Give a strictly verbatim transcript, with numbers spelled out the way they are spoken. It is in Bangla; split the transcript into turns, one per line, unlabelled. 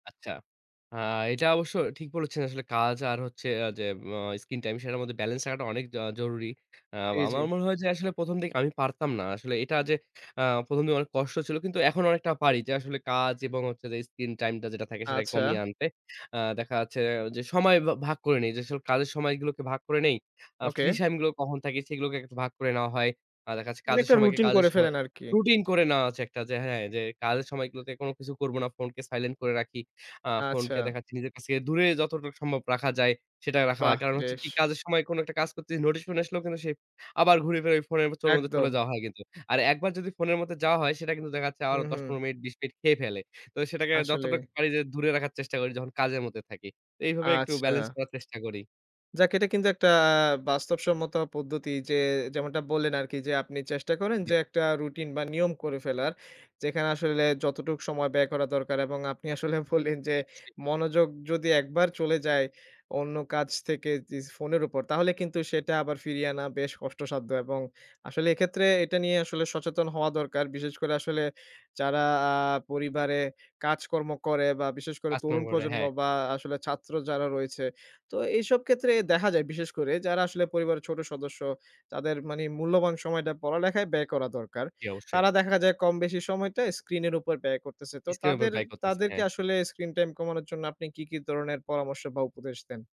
আচ্ছা। আ এটা অবশ্য ঠিক বলেছেন আসলে কাজ আর হচ্ছে যে উম স্কিন টাইম সেটার মধ্যে বেলেন্স রাখাটা আ অনেক জরুরি। আ
জি, জি।
আমার মনে হয় যে আসলে প্রথম দিকে আমি পারতাম না। আসলে এটা যে অ্যা প্রথম দিনে অনেক কষ্ট ছিল কিন্তু এখন অনেকটা পারি যে আসলে কাজ এবং হচ্ছে যে স্কিন টাইম টা যেটা থাকে সেটাকে
আচ্ছা।
কমিয়ে আনতে। আ দেখা যাচ্ছে যে সময় ভা ভাগ করে নেই। যে আসলে কাজের সময়গুলোকে ভাগ করে নেই। আ
ওকে।
ফ্রি টাইম গুলো কখন থাকে সেগুলোকে একটু ভাগ করে নেওয়া হয়। আ দেখা যাচ্ছে
মানে
কাজের
একটা
সময়কে
রুটিন
কাজের
করে
সময়
ফেলেন আরকি।
রুটিন করে নেওয়া হচ্ছে একটা যে হ্যাঁ কাজের সময়গুলোতে কোন কিছু করব না। ফোনকে সাইলেন্ট করে রাখি। আ ফোনকে
আচ্ছা।
দেখাচ্ছি নিজের কাছ থেকে দূরে যতটা সম্ভব রাখা যায় সেটা রাখা হয়।
বাহ,
কারণ হচ্ছে
বেশ!
কি কাজের সময় কোন একটা কাজ করতেছি। নোটিশ ফোন আসলেও কিন্তু সে আবার ঘুরে ফিরে ফোনের মধ্যে চলে
একদম।
যাওয়া হয় কিন্তু। আর একবার যদি ফোনের মধ্যে যাওয়া হয় সেটা কিন্তু দেখা যাচ্ছে আরো
হুম,
দশ
হুম।
পনের মিনিট বিশ মিনিট খেয়ে ফেলে। তো সেটাকে
আসলে।
যতটুক পারি যে দূরে রাখার চেষ্টা করি যখন কাজের মধ্যে থাকি। তো এইভাবে একটু বেলেন্স
আচ্ছা।
করার চেষ্টা করি।
যাক এটা কিন্তু একটা বাস্তবসম্মত পদ্ধতি যে যেমনটা বললেন আরকি যে আপনি চেষ্টা করেন
[unintelligible]
যে একটা রুটিন বা নিয়ম করে ফেলার যেখানে আসলে যতটুকু সময় ব্যয় করা দরকার এবং আপনি আসলে বললেন যে
জী অবশ্যই।
মনোযোগ যদি একবার চলে যায় অন্য কাজ থেকে যে ফোনের উপর তাহলে কিন্তু সেটা আবার ফিরিয়ে আনা বেশ কষ্টসাধ্য এবং আসলে এক্ষেত্রে এটা নিয়ে আসলে সচেতন হওয়া দরকার। বিশেষ করে আসলে যারা আ পরিবারে কাজকর্ম করে বা বিশেষ করে তরুণ
[unintelligible]
প্রজন্ম
,হ্যাঁ।
বা আসলে ছাত্র যারা রয়েছে। তো এইসব ক্ষেত্রে দেখা যায় বিশেষ করে যারা আসলে পরিবারের ছোট সদস্য তাদের মানে মূল্যবান সময়টা পড়ালেখায় ব্যয় করা দরকার।
জী অবশ্যই।
তারা দেখা যায় কম বেশি সময়টা স্ক্রিন এর উপর ব্যয় করতেছে। তো
স্ক্রিন এর উপর
তাদের
ব্যয় করতেছে,
তাদেরকে
হ্যাঁ।
আসলে স্ক্রিন টাইম কমানোর জন্য আপনি কি, কি ধরনের পরামর্শ বা উপদেশ দেন?